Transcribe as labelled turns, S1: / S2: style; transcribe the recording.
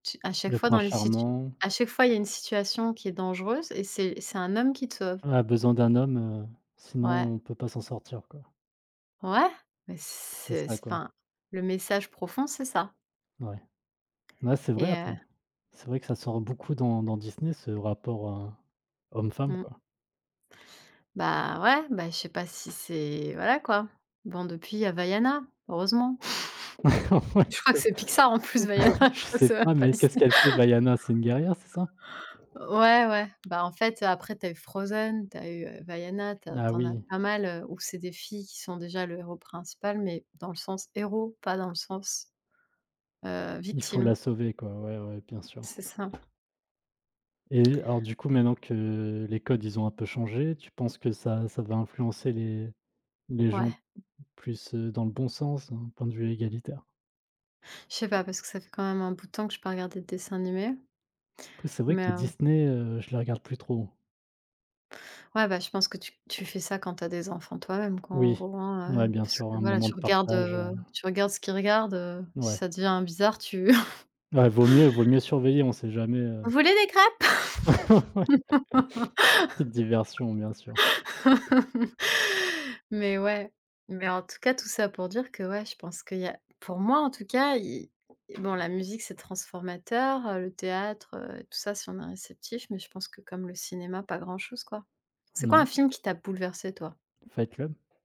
S1: Ch à chaque
S2: Le
S1: fois dans
S2: prince
S1: les situ
S2: charmant.
S1: à chaque fois il y a une situation qui est dangereuse et c'est c'est un homme qui te sauve?
S2: On a besoin d'un homme, heu,
S1: Ouais.
S2: sinon on peut pas s'en sortir, quoi.
S1: Ouais! Mais
S2: C'est
S1: c'est
S2: ça, quoi.
S1: enfin, le message profond, c'est ça.
S2: Ouais. Ouais, c'est vrai
S1: Et heu
S2: après. C'est vrai que ça sort beaucoup dans dans Disney ce rapport heu, homme femme
S1: Mmh.
S2: quoi.
S1: Bah, ouais, bah, je sais pas si c'est voilà, quoi. Bon, depuis il y a Vaiana, heureusement.
S2: Ouais
S1: Je crois que c'est Pixar en plus, Vaiana,
S2: que je
S1: je crois que
S2: sais
S1: c'est même
S2: pas,
S1: pas
S2: mais qu'est-ce
S1: Disney.
S2: qu'elle fait Vaiana, c'est une guerrière, c'est ça?
S1: Ouais, ouais, bah, en fait après, tu as eu Frozen, tu as eu, heu, Vaiana, tu as
S2: Ah
S1: tu en as
S2: oui.
S1: pas mal, heu, où c'est des filles qui sont déjà le héros principal, mais dans le sens héros, pas dans le sens, heu,
S2: Il faut
S1: victime.
S2: la sauver quoi, ouais, ouais, bien sûr.
S1: C'est ça.
S2: Et alors du coup maintenant que les codes, ils ont un peu changé, tu penses que ça ça va influencer les les gens
S1: Ouais.
S2: plus, heu, dans le bon sens, hein, point de vue égalitaire?
S1: Je sais pas parce que ça fait quand même un bout de temps que j'ai pas regardé de dessins animés.
S2: Après, c'est vrai que
S1: Mais
S2: les
S1: heu
S2: Disney heu, je les regarde plus trop.
S1: Ouais, bah, je pense que tu tu fais ça quand tu as des enfants toi même quoi en
S2: Oui,
S1: gros, hein,
S2: ouais,
S1: heu,
S2: bien
S1: parce
S2: sûr
S1: que
S2: un
S1: voilà,
S2: moment de
S1: tu regardes,
S2: partage
S1: heu
S2: heu
S1: tu regardes ce qu'ils regardent, heu, si
S2: Ouais.
S1: ça devient bizarre tu
S2: Ouais, vaut mieux vaut mieux surveiller, on sait jamais
S1: Vous
S2: heu
S1: voulez des crêpes?
S2: Ouais. Petite diversion, bien sûr.
S1: Mais ouais. Mais en tout cas, tout ça pour dire que ouais, je pense qu'il y a, pour moi en tout cas, il bon la musique c'est transformateur, le théâtre, heu, tout ça, si on est réceptif, mais je pense que comme le cinéma, pas grand chose, quoi. C'est
S2: N
S1: quoi
S2: ouais.
S1: un film qui t'a bouleversé toi?
S2: Fight Club.